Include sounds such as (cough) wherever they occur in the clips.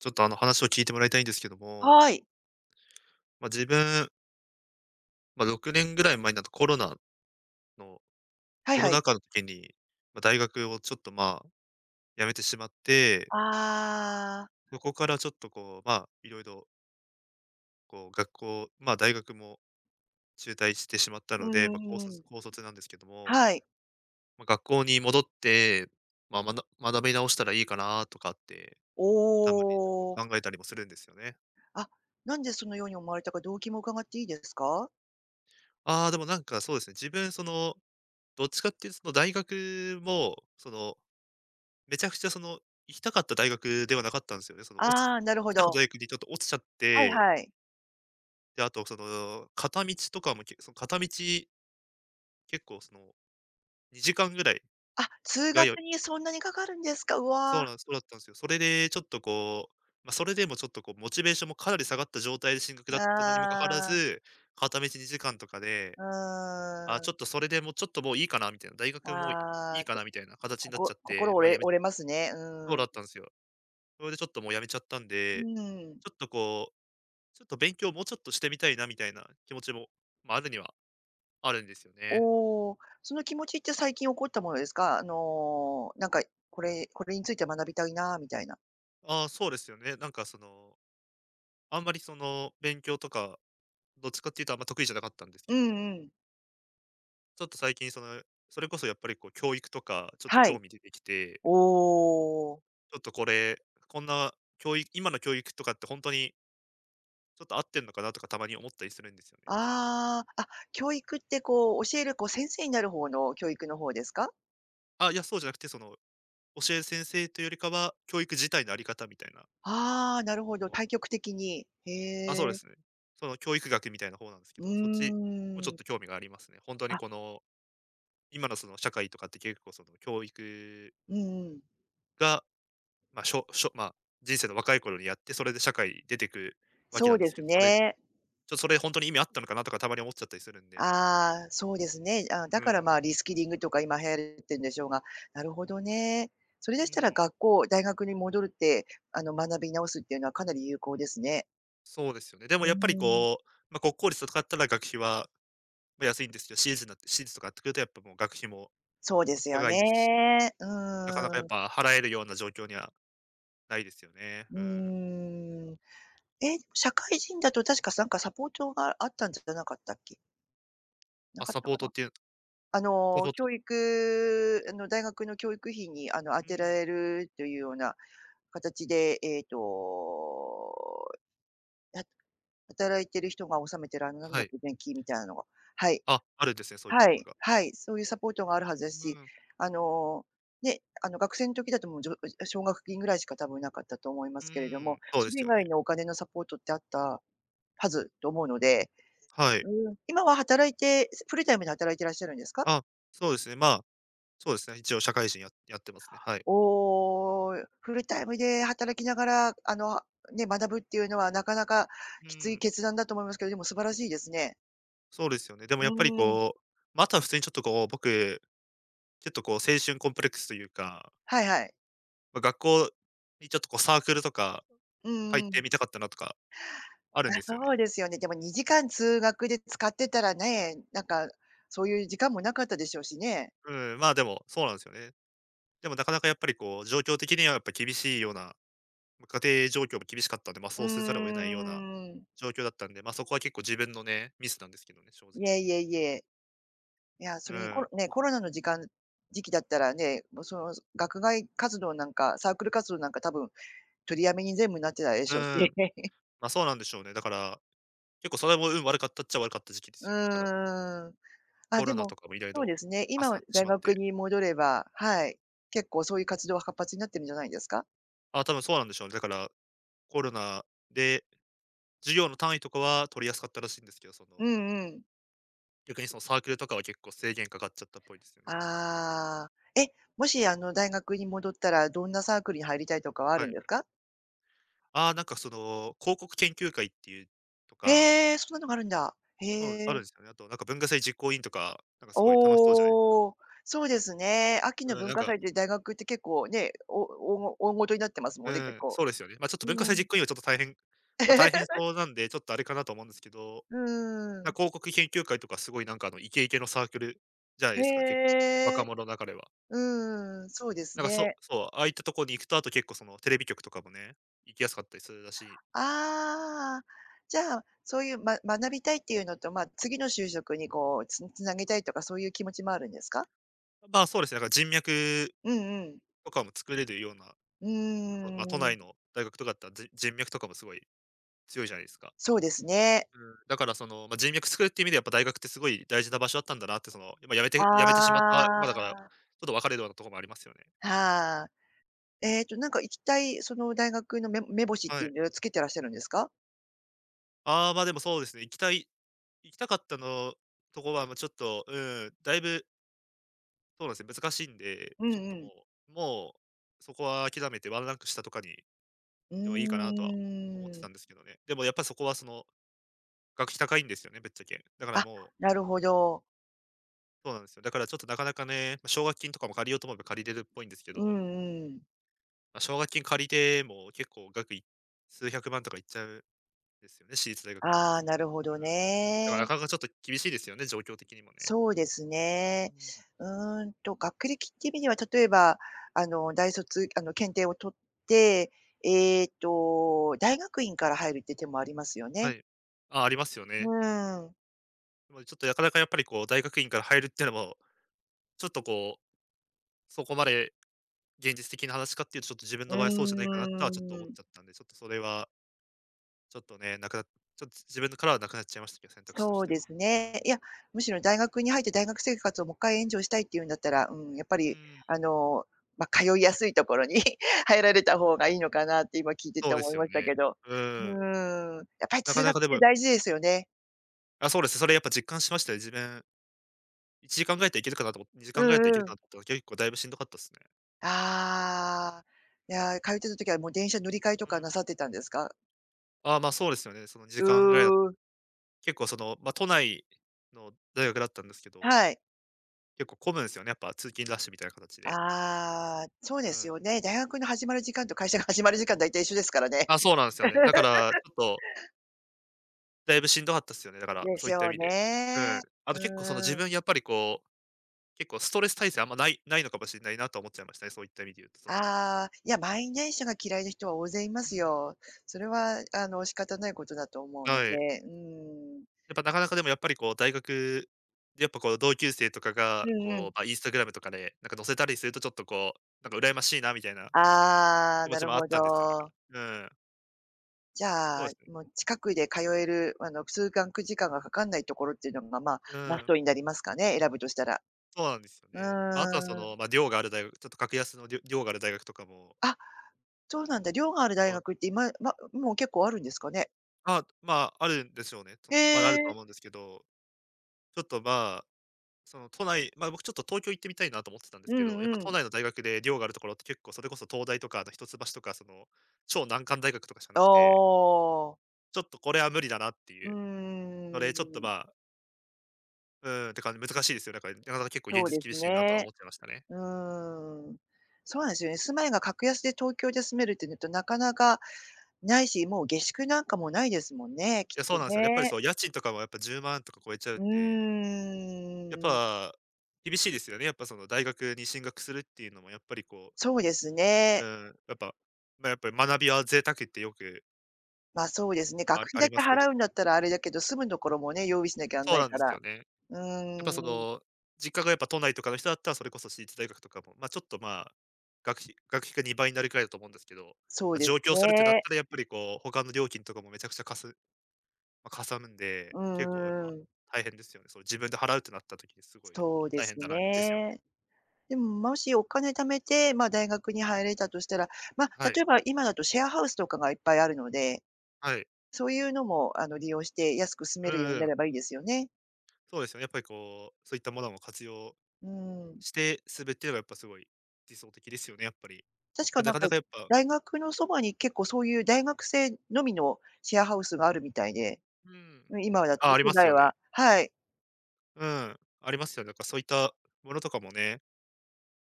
ちょっとあの話を聞いてもらいたいんですけども。はい。ま、自分ま、6年ぐらい前になると、コロナのはいコロはい。ナ禍の時に、ま、大学をちょっと、まあ、辞めてしまって…ああ。そこからちょっとこう、まあ、色々こう、学校、まあ、大学も中退してしまったうーので、まあ、高卒ん。高卒なんですけども、はい。ま、学校に戻って、まあ、まな学び直したらいいかなとかって、おたまにちょっお。と考えたりもするんですよね。あっ、何でそのように思われたか動機も伺っていいですか？ああ、でもなんかそうですね、自分その、どっちかっていうその大学も、その、めちゃくちゃ、その、行きたかった大学ではなかったんすよね、その落ちあ行あ、なるほきたかっど。た大学にちょっと落ちちゃっはいて。はい。で、あと、その、片道とかも、けその片道結構その、2時間ぐらい、あ、通通学いにそんなにかかるんですか、うそうわ。なんす、そうだったんすよ。それでちょっとこう、ま、それでもちょっとこう、モチベーションもかなり下がった状態で進学だったのにもかかわらああ。ず、片道2時間とかで、うあ、ーん。ちょっとそれでもうちょっともういいかなみたいな。大学もういあいあ、かちょなみたいなかたちにこなっちゃこって、心ま、折れやめ折れますね。そううだん。ったんですよ。それでちょっともうやめちゃったんうで、ん。ちょっとこう、ちょっと勉強もうちょっとしてみたいなみたいな気持ちも、ま、あるにはあるんですよね。おお、その気持ちって最近起こったものですか？あのなんか、これこれについて学びたいなみたいな。ああ、そうですよね。なんかその、あんまりその、勉強とかどっちかっていうと、あんま得意じゃなかったんですうけどんもうん。ちょっと最近その、それこそやっぱりこう、教育とかちょっとは興い。味出てきておお。ちょっとこれ、こんなきょうい今の教育とかってほんとに「ちょっと、合ってんのかな？」とか、たまに思ったりするんですよね、ちょっと。ああ、あ、教育ってこう、教えるこう、先生になる方の教育の方ですか？あ、いや、そうじゃなくて、その、教える先生というよりかは、教育自体のあり方みたいなああ、なるほそど、の大局的に。へあ、そうでえ。す。その、教育学みたいな方なんですけうど、そっちもちょーっん。と興味がありますね。ほんとにあ。この、今のその、社会とかって結構その、教育うんうん。が、ま、しょしょま、人生の若い頃にやって、それで社会出てくわけそなうんでですけすど、それ「ちね。ょ、それ、ほんとに意味あったのかな？」とか、たまに思っちゃったりするんでああ、そうですね。あ、だうから、ん。まあ、リスキリングとか今流行るてんでしょうが、なるほどね。それでうしたらん。学校、大学に戻るって、あの、学び直すっていうのはかなり有効ですね。そうですよね。でも、うーやっぱりん。こう、ま、国公立とかったら学費は、ま、安いんですけど、私立になって私立とかなってくると、やっぱもう、学費もそうですよ高いね、ですし、うなかなかやーっん。ぱ、払えるような状況にはないですよね、ううん。ーん。え、社会人だと確か、さんか、サポートがあったんじゃじゃなかったっけ？なあ、かっサたポーかトな。っていうあサの、ポート教育、あの、大学の教育費にあの、あうてらん。れるというようなかたちで、えと、は働いてる人が納めてるあの、なんはだっい。け？年金みたいのがはい、あ、あるんですね、そういったはものい、が。はい、そういうサポートがあるはずでうすし、ん。あの、ね、あの、学生の時だともうじょあ、奨学金ぐらいしか多分なかったと思いまうーすけれども、ん、そうでそれす以よ外ね。のお金のサポートってあったはずと思うのではい。うーん、今は働いて、フルタイムで働いてらっしゃるんですか？あ、そうですね、ま、そうですね、一応社会人ややってますね、はい。おお、フルタイムで働きながら、あの、ね、学ぶっていうのはなかなかうきついん。決断だと思いますけど、でも、素晴らしいですね。そうですよね。でうもやっぱりーん。こう、ま、あとは普通にちょっとこう、僕、ちょっとこう青春コンプレックスというかはいはい。ま、学校にちょっとこうサークルとか、う入っんうてん。みたかったなとかあるあ、んですよね。そうですよね。でも2時間通学で使ってたらね、なんか、そういう時間もなかったでしょうしね。うん、まあ、でも、そうなんすよね。でも、なかなかやっぱりこう状況的にはやっぱり厳しいような、ま、家庭状況も厳しかったんで、ま、うそーうせざるを得ないようなん。状況だったんで、ま、そこは結構自分のね、ミスなんですけどね、正いや、直。いえいえ。いや、そうれにコロん。ね、コロナの時間時期だったらね、も、その学外活動なんか、サークル活動なんか多分取りやめに全部になってたでうしょう。ん、(laughs) ま、そうなんでしょうね。だから、結構それも運悪かったっちゃ悪かった時期でうすよ、だからその、ーん。あ、コでロナとも、かもいろいそうろ、ですね、あ今さはってし大まっ学て。に戻れば、はい、結構そういう活動が活発になってるんじゃないですか？あ、多分そうなんでしょう。だから、コロナで、授業の単位とかは取りやすかったらしいんですけど、そうのんうん。逆に、そのサークルとかは結構制限かかっちゃったっぽいですよね、だから。ああ、え、もしあの、大学に戻ったらどんなサークルに入りたいとかはあはるんい。でふか？ああ、なんかその、広告研究会っていうとかへえ、そんなのがあるんだ。へそう、うあるえ。んすよね。あとなんか、文化祭実行委員とか、なんかすごい楽しそうじゃいか。おお、そうですね。秋のうん、文なん化か祭って大学って結構ね、おおおご大事になってますもうんね、結ん、構。そうですよね。ま、ちょっうと文化ー祭実ん。行委員はちょっと大変ま、大変 (chuckles) そうなんで、ちょっとあれかなと思うんですけど、うーな、ん。広告研究会とかすごいなんか、あの、イケイケのサークルじゃないへですか、結構、若え。者中では。うーん、そうですなんか、そね。うそう、ああいったとこに行くと、あと結構そのテレビ局とかもね、行きやすかったりするらしい。ああ、じゃあ、そういうま学びたいっていうのと、まあ、次の就職にこうつん繋げたいとかそういう気持ちもあるんですか？あ、まあ、そうですね。なんか人脈うんうん。とかも作れるようなやっうぱ、ま、都ー内ん。の大学とかだったら、じ人脈とかもすごい強いじゃないですか。そうですね。うーん、だからその、ま、人脈作るっていう意味ではやっぱ大学ってすごい大事な場所だったんだなって、その、今辞めて辞めてしまった、あま、だから、あ。とど別れろようなところもありますよね。はあ。ええとなんか行きたいその大学のめ目星っはていうい。のをつけてらっしゃるんですか？ああ、まあ、でもそうですね、行きたい行きたかったのとこはもうちょっと、うん、だいぶそうですね、難しいんで。うんちょっうともん。うもう、そこは諦めてワンランク下とかに、うでもいいかなとは思ってーん。たんですけどね。でもやっぱ、そこはその、学費高いんですよね、ぶっちゃけ。だからあ、もうなるほど。そうなんすよ。だからちょっとなかなかね、ま、奨学金とかも借りようと思えば借りれるっぽいんですけうど。ん、うん。ま、奨学金借りても結構額い数百万とかいっちゃう、ですよね、私立大学なんで。ああ、そなるほどうん。だからなね。かなかちょっと厳しいですよね、状況的にもね。そうですね。うーん。うーんと、学歴っていう意味では、例えば、あの、大卒、あの、検定を取って、ええと、大学院から入るっていう手もありますよはね。い、あ、ありますようね。ーん。もう、ちょっと、なかなかやっぱりこう、大学院から入るってのも、ちょっとこう、そこまで現実的な話かっていうと、ちょっと自分うの場合はそうじゃないかなとは、ちょっとー思っん。ちゃったんで。ちょっとそれはちょっとね、なくなちょっつ自分のからはなくなっちゃいましたけど、選択肢としそうてでは。すうーね、ん。いや、むしろ大学に入って大学生活をもっかいエンジョイしたいっていうんだったら、うん、やっぱうりーん。あの、ま、通いやすいところに入られた方がいいのかなって、今聞いてそてうで思いすよましたけね。ど。ううーん。ん、やっぱりな通かな学っかでてぶ大事ですよね。あ、そうです。それやっぱ実感しましたよ、自分1時間ぐらいだったら行けるかなと思にじうかんぐらいだったら行けんるうかん。なと、きょういっこだいぶしんどかったっすね。ああ。いや、通ってた時はもう電車乗り換えとうかん。なさってたんですか？ああ、まあ、そうですよね。その時間ぐらいだう。結構その、ま、都内の大学だったんですけどはい。結構混むんすよね、やっぱ通勤ラッシュみたいな形で。ああ、そうでうすん。よね。大学の始まる時間と会社が始まる時間だいたい一緒ですからね。あ、そうなんすよね。だからち (laughs) ょっとだいぶしんどかったっすよね、だから、でそうしいったょ意う味で。うね。ん。あと結構、その、う自ーん。分やっぱりこう、結構ストレス耐性あんまないないのかもしんないなと思っちゃいましたね、そういった意味で言うと、そのああ。いや、満員電車が嫌いな人は大勢いまうすん。よ。それは、あの、仕方ないことだと思うのはい。で、うーん。やっぱなかなかでも、やっぱりこう大学、やっぱこう同級生とかうが、んうん。こう、あ、インスタグラムとかで、なんか載せたりするとちょっとこう、なんか羨ましいなみたいなああ、気持なちるもあっほたんですよ、だかど。ら。うん。じゃそうあ、ですね。もう近くで通える、あの、通学時間がかかんないところっていうのままあ、うマスーん。トになりますかね？選ぶとしたら。そうなんですようね。まあ、あとはそーん。の、ま、寮があるだいうちょっと格安のりょ寮がある大学とかも。あ、そうなんだ、寮がある大そう。学って今ま、もう結構あるんですかね？あ、まあ、あるんでしょうね。とへの、まだあるとえ。思うんですけど。ちょっと、まあ、その都内、ま、僕ちょっと東京行ってみたいなと思ってたんですうけんど、やっぱう都ん。内の大学で寮があるところって、結構それこそ東大とか、あと一橋とか、その、超難関大学とかしかあなくてあ。ちょっとこれは無理だなってういうので、ちょっと、ーまん。あ。うん、てか難しいですよ。だからなかなか結構現そう実です厳しいなとはね、思ってましたね。うん。そうなんすよね、住まいが格安で東京で住めるってなるとなかなか無いし、もう下宿なんかも無いですもんね、きいや、そうっとなんすよ。やっぱりね。そう、家賃とかもやっぱ10万とか超えちゃううんで。やっーん。ぱ、厳しいですよね。やっぱその、大学に進学するっていうのもやっぱりこうそうですうね。ん。やっぱ、ま、やっぱ学びは贅沢ってよくま、そうですね。あ学費あだりまけすけど。払うんだったらあれだけど、住むところもね、用意しなきゃあんそうないなんかですら、よね。やっうぱそーん。の、実家がやっぱ都内とかの人だったら、それこそ私立大学とかも、ま、ちょっと、ま、学費学費が2倍なるくらいだと思うんですけど、そうま、です上京するってなっね。たらやっぱりこう、他の料金とかもめちゃくちゃかすま、かさむんで、う結構やっん、ぱ、うーん。大変ですよね。その、自分で払うってなった時にすごいやっそぱうで大変すだなですよね。ね。でも、もしお金貯めて、ま、大学に入れたとしたら、ま、はい。例えば今だとシェアハウスとかがいっぱいあるので、はい。そういうのも、あの、利用して安く住めうるようんうになれん。ばいいですよね。そうですよね、やっぱりこう、そういったものも活用うん。して、すべはやっぱすごい理想的ですよね、やっぱり。確かま、ななんかか、なかやっぱ大学のそばに結構そういう大学生のみのシェアハウスがあるみたいで。うん。うん、今だとあ、あり都ます内よね。ははい。うん、ありますよね。やっぱそういったものとかもね、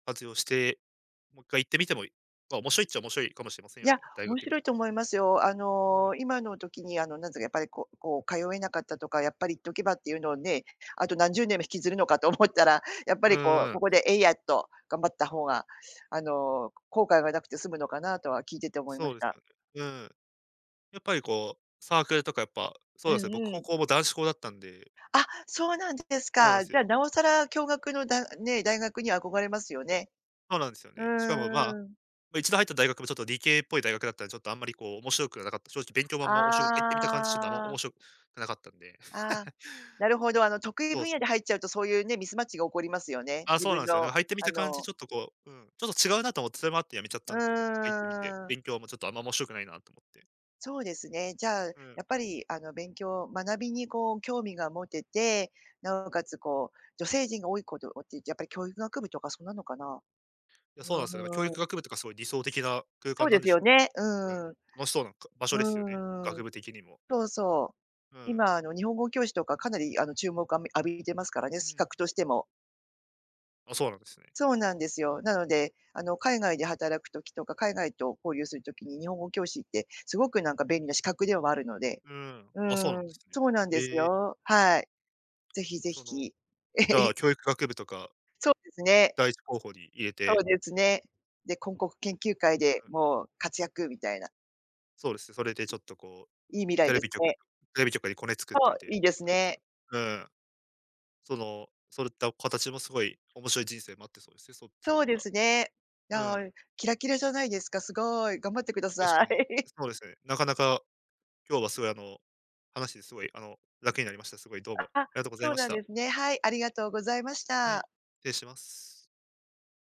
活用して、もっかい行ってみてもいま、面白いっちゃ面白いかもしれませんいよね、や、大面学白に。いと思いますよ。あうん。の、今の時にあの、なんつうかやっぱりこうこう、通えなかったとか、やっぱり行っとけばっていうのをね、あと何十年も引きずるのかと思ったら、やっぱうりこう、ーん。ここでえいやっと頑張った方があの、後悔がなくて済むのかなとは聞いてて思いそまうしですた。よね。うん。やっぱりこう、サークルとかやっぱ、そううでんすね、僕う高ん。校も男子校だったんで。あ、そうなんですそうなんか。すじゃあよ。なおさら共学の、だね、大学に憧れますよね。そうなんですようね。しかも、ま、んうん。一度入った大学もちょっと理系っぽい大学だったんで、ちょっとあんまりこう、面白くはなかった、正直勉強もあんま、おしょく入ってみた感じ、ちょっとあんまあ面あ。白くなかったんで。ああ、(laughs) なるほど、あの、得意そう分野そでう。入っちゃうとそういうね、ミスマッチが起こりますよね。あ、自そう分なんすよね。の入ってみあた感じのちょっとこううん、ちょっと違うなと思って、それもあって辞めちゃったうんですよ。だから入ってみて、ーん。勉強もちょっとあんま面白くないなと思って。そうですね、じゃあ、やうん。っぱりあの、勉強、学びにこう、興味が持てて、なおかつこう、女性陣が多いこと、おってやっぱり教育学部とかそんなのかな？いや、そうなんすよ、だから教うー育ん。学部とかそう、理想的な空そ間うでなんすでしよょう。なんかね、うん、うーん。楽しそうなんか、場所ですよね、うーん、学部的にも。そうそう、うん。今、あの、日本語教師とかかなり、あの、注目あみ浴びてますからね、う資ん。格としても。あ、そうなんですね。そうなんですよ。なので、あの、海外で働く時とか、海外と交流する時に日本語教師って、すごくなんか便利な資格ではあるので、うーん、うあ、そうなんでん、すね。そうなんですへえ。よ、はい、ぜひぜその、ひ。じゃ (laughs) あ、教育学部とかそうですね。第一候補に入れそて。うですね。で、こんこく研究会うでん。もう活躍みたいな。そうです。それでちょっとこう、いい未来テレですビ局のね。テレビ局にコネ作っとそう。いいて、いで無す駄ですかね。うん。その、それった、お形もすごい面白い人生待ってそうですよね、そっちのそう方でが。すね。うああ、ん。キラキラじゃないですか、すごい。頑張ってくだ確かさい。に、(laughs) そうですね。なかなか、今日はすごい、あの、話してすごい、あの、楽になりました。すごい、どうもあああ、りがとうございそうましなんた。ですね。はい、ありがとうございましはい、た。失礼します。